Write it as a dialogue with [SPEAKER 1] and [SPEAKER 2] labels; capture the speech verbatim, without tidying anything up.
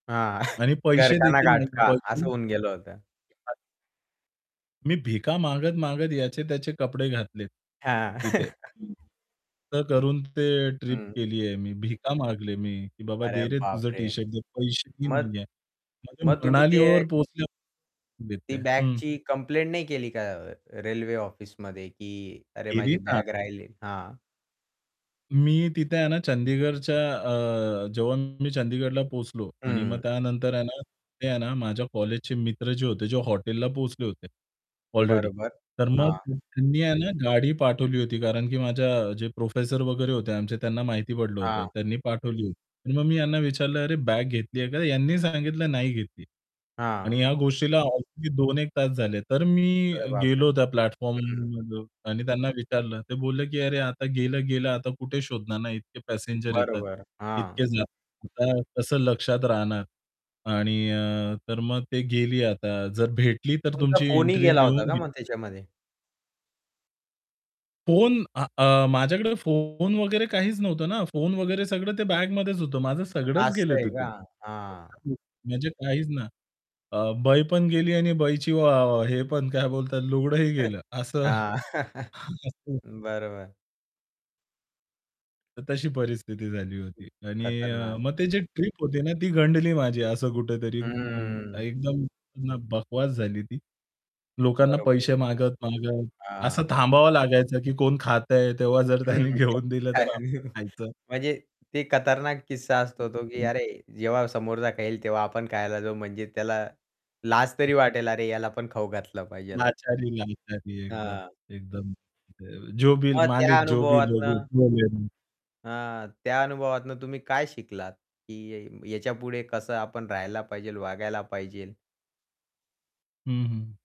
[SPEAKER 1] हां,
[SPEAKER 2] आणि
[SPEAKER 1] "घर
[SPEAKER 2] पैसे
[SPEAKER 1] का ना
[SPEAKER 2] देखील
[SPEAKER 1] घाट
[SPEAKER 2] निघले
[SPEAKER 1] का."
[SPEAKER 2] पाहिजे.
[SPEAKER 1] असं होऊन गेलं होतं.
[SPEAKER 2] [unintelligible] मी भिका मागत, मागत याचे त्याचे कपडे घातले,
[SPEAKER 1] हां.
[SPEAKER 2] तिथे. हं. असं करून ते ट्रिप
[SPEAKER 1] हं.
[SPEAKER 2] केलीये मी. भिका मागले मी, "बाबा
[SPEAKER 1] अरे
[SPEAKER 2] दे रे तुझं
[SPEAKER 1] बापरे!
[SPEAKER 2] टी-शर्ट दे, पैसेही
[SPEAKER 1] मग,
[SPEAKER 2] नाहीये. [unintelligible]
[SPEAKER 1] मग तुम्ही ते
[SPEAKER 2] मनालीवर पोहोचल्यावर
[SPEAKER 1] हां, ती
[SPEAKER 2] देते." हं.
[SPEAKER 1] बॅगची कंप्लेंट नाही केली का? अ, रेल्वे ऑफिसमध्ये, की "अरे,
[SPEAKER 2] केली
[SPEAKER 1] माझी
[SPEAKER 2] ना.
[SPEAKER 1] बॅग राहिली." हां.
[SPEAKER 2] मी तिथे आहे ना चंदीगडच्या अ, जेव्हा मी चंदीगडला पोहोचलो आणि मग
[SPEAKER 1] हं.
[SPEAKER 2] त्यानंतर आहे ना, आहे ना माझ्या कॉलेजचे मित्र जे होते जे हॉटेलला पोहोचले होते अलरेडी.
[SPEAKER 1] बरोबर,
[SPEAKER 2] तर मग
[SPEAKER 1] हां.
[SPEAKER 2] [unintelligible] त्यांनी आहे ना गाडी पाठवली होती, कारण की माझ्या जे प्रोफेसर वगैरे होते आमचे, त्यांना माहिती पडलं होतं,
[SPEAKER 1] हां.
[SPEAKER 2] त्यांनी पाठवली होती. आणि मग मी यांना विचारलं, "अरे, बॅग घेतली आहे का?" यांनी सांगितलं, "नाही घेतली." आणि
[SPEAKER 1] हां.
[SPEAKER 2] या गोष्टीला ऑलरेडी दोन एक तास झाले. तर मी
[SPEAKER 1] अरे, बापरे!
[SPEAKER 2] गेलो त्या प्लॅटफॉर्म
[SPEAKER 1] हं.
[SPEAKER 2] [unintelligible] आणि त्यांना विचारलं ते बोलले, की "अरे, आता गेलं, गेलं आता कुठे शोधणार ना? इतके पॅसेंजर येतात,
[SPEAKER 1] बरोबर, हां.
[SPEAKER 2] इतके जातात. कसं लक्षात राहणार? आणि अ, तर मग ते गेली आता जर भेटली तर
[SPEAKER 1] तुमचा
[SPEAKER 2] तुमची
[SPEAKER 1] फोनही
[SPEAKER 2] एंट्री
[SPEAKER 1] गेला होता
[SPEAKER 2] लिहून
[SPEAKER 1] का
[SPEAKER 2] घे"
[SPEAKER 1] मग त्याच्यामध्ये?
[SPEAKER 2] फोन आ अ, माझ्याकडे फोन वगैरे काहीच नव्हतं ना, फोन वगैरे सगळं ते बॅगमध्येच होतं. माझं सगळंच
[SPEAKER 1] असं
[SPEAKER 2] गेलं
[SPEAKER 1] आहे का?
[SPEAKER 2] तिथून.
[SPEAKER 1] हां.
[SPEAKER 2] [unintelligible] म्हणजे काहीच ना, अ, बाई पण गेली आणि बाईची व हे पण काय बोलतात लुगडंही
[SPEAKER 1] [unintelligible]
[SPEAKER 2] गेलं असं.
[SPEAKER 1] हां.
[SPEAKER 2] [unintelligible]
[SPEAKER 1] बरं, बरं.
[SPEAKER 2] तर तशी परिस्थिती झाली होती. आणि अ,
[SPEAKER 1] खतरनाक.
[SPEAKER 2] मग ते जे ट्रिप होती ना ती गंडली माझी असं कुठेतरी
[SPEAKER 1] हं, हं.
[SPEAKER 2] एकदम बकवास झाली ती. लोकांना
[SPEAKER 1] बरोबर,
[SPEAKER 2] पैसे
[SPEAKER 1] बरोबर.
[SPEAKER 2] मागत, मागत असं
[SPEAKER 1] हां.
[SPEAKER 2] थांबावं लागायचं, की कोण खातंय तेव्हा जर
[SPEAKER 1] हं.
[SPEAKER 2] त्यांनी
[SPEAKER 1] [unintelligible]
[SPEAKER 2] घेऊन दिलं तर आपण खायचं.
[SPEAKER 1] म्हणजे ते खतरनाक किस्सा असतो तो की, "अरे, जेव्हा समोरचा खाईल तेव्हा आपण खायला जाऊ." म्हणजे त्याला लाज तरी वाटेल, "अरे, याला पण खाऊ घातलं पाहिजे." [unintelligible]
[SPEAKER 2] लाचारी, लाचारी. एकदम
[SPEAKER 1] हां.
[SPEAKER 2] एकदम. जो
[SPEAKER 1] मग त्या
[SPEAKER 2] मालिक जो भी
[SPEAKER 1] अनुभवातनं
[SPEAKER 2] [unintelligible]
[SPEAKER 1] अ, त्या अनुभवातून तुम्ही काय शिकलात? की याच्यापुढे कसं आपण राहायला पाहिजेल, वागायला पाहिजेल?
[SPEAKER 2] हं, हं.